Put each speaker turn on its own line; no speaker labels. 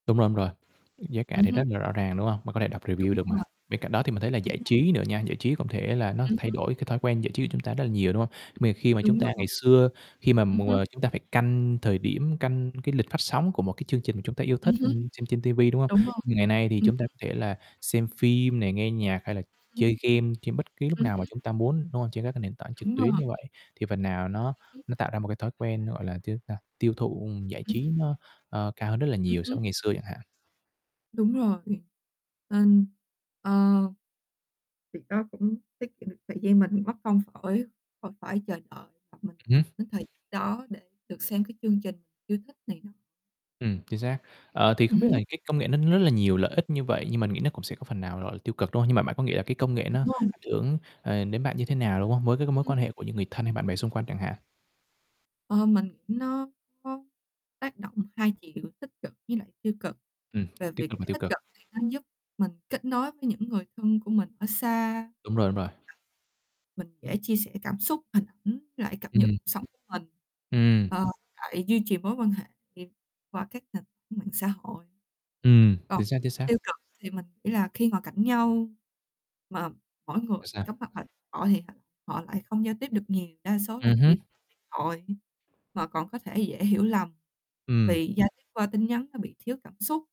Đúng rồi, đúng rồi, giá cả
Ừm
thì
hứm.
rất là rõ ràng, đúng không? Mà có thể đọc
Đúng
review được mà.
rồi.
Bên cạnh đó thì mình thấy là
Đúng
giải
rồi.
trí nữa nha, giải trí cũng thể là nó
Ừm
thay
hứm.
đổi cái thói quen giải trí của chúng ta rất là nhiều, đúng không? Mà khi mà chúng
Đúng
ta ngày
rồi.
xưa, khi mà
Ừm
mỗi
hứm.
ng chúng ta phải canh thời điểm, canh cái lịch phát sóng của một cái chương trình chúng ta yêu
Ừm
thích,
hứm.
ừm, xem trên ti vi, đúng không?
Đúng rồi,
Ngày nay thì
ừm
chúng ta
hứm.
có thể là xem phim này, nghe nhạc hay là
Ừm hưm.
chơi game trên bất cứ lúc
Ừm
nào mà
hứm.
chúng ta muốn, đúng không? Trên các cái nền tảng trực
Đúng
tuyến
rồi.
như vậy thì phần nào nó
Ừm hứm.
nó tạo ra một cái thói quen, gọi là, chính ta tiêu thụ giải
Ừm hưm.
trí nó, ờ, cao hơn rất là
Ừm
nhiều so
hứm.
với ngày xưa chẳng hạn.
Đúng rồi, ần ờ. Việc đó cũng tiết kiệm được thời gian mình mất công khỏi khỏi phải chờ đợi mình
Ừm hứm.
đến thời đó để được xem cái chương trình yêu thích này nọ.
Ừm, chính xác. Ờ, thì không
Ừm
biết là
hứm.
cái công nghệ nó rất là nhiều lợi ích như vậy nhưng mình nghĩ nó cũng sẽ có phần nào, gọi là, tiêu cực, đúng không? Nhưng mà bạn có nghĩ là cái công nghệ
Đúng
nó
rồi.
ảnh hưởng, ờ, đến bạn như thế nào đúng không? Mối cái
Ừm
mối
hứm.
quan hệ của những người thân hay bạn bè xung quanh chẳng hạn?
Ơ, mình nó có tác động hai chiều tích cực với lại tiêu cực.
Ừm,
Về
tích
việc
cực và tiêu
tích
cực.
cực thì nó giúp mình kết nối với những người thân của mình ở xa. Hoặc là
Đúng rồi, đúng rồi.
mình dễ chia sẻ cảm xúc hình ảnh với lại cập nhật
Ừm.
cuộc sống của mình.
Ừm.
Ờ, với lại duy trì mối quan hệ [unintelligible] qua các nền tảng mạng xã hội.
Ừm,
Còn
chính xác, chính xác.
tiêu cực thì mình nghĩ là khi ngồi cạnh nhau mà mỗi người
Tại sao?
cắm mặt vào điện thoại thì họ lại không giao tiếp được nhiều, đa số là
Ừm
chỉ
hứm.
điện thoại mà còn có thể dễ hiểu lầm
Ừm.
vì giao tiếp qua tin nhắn nó bị thiếu cảm xúc.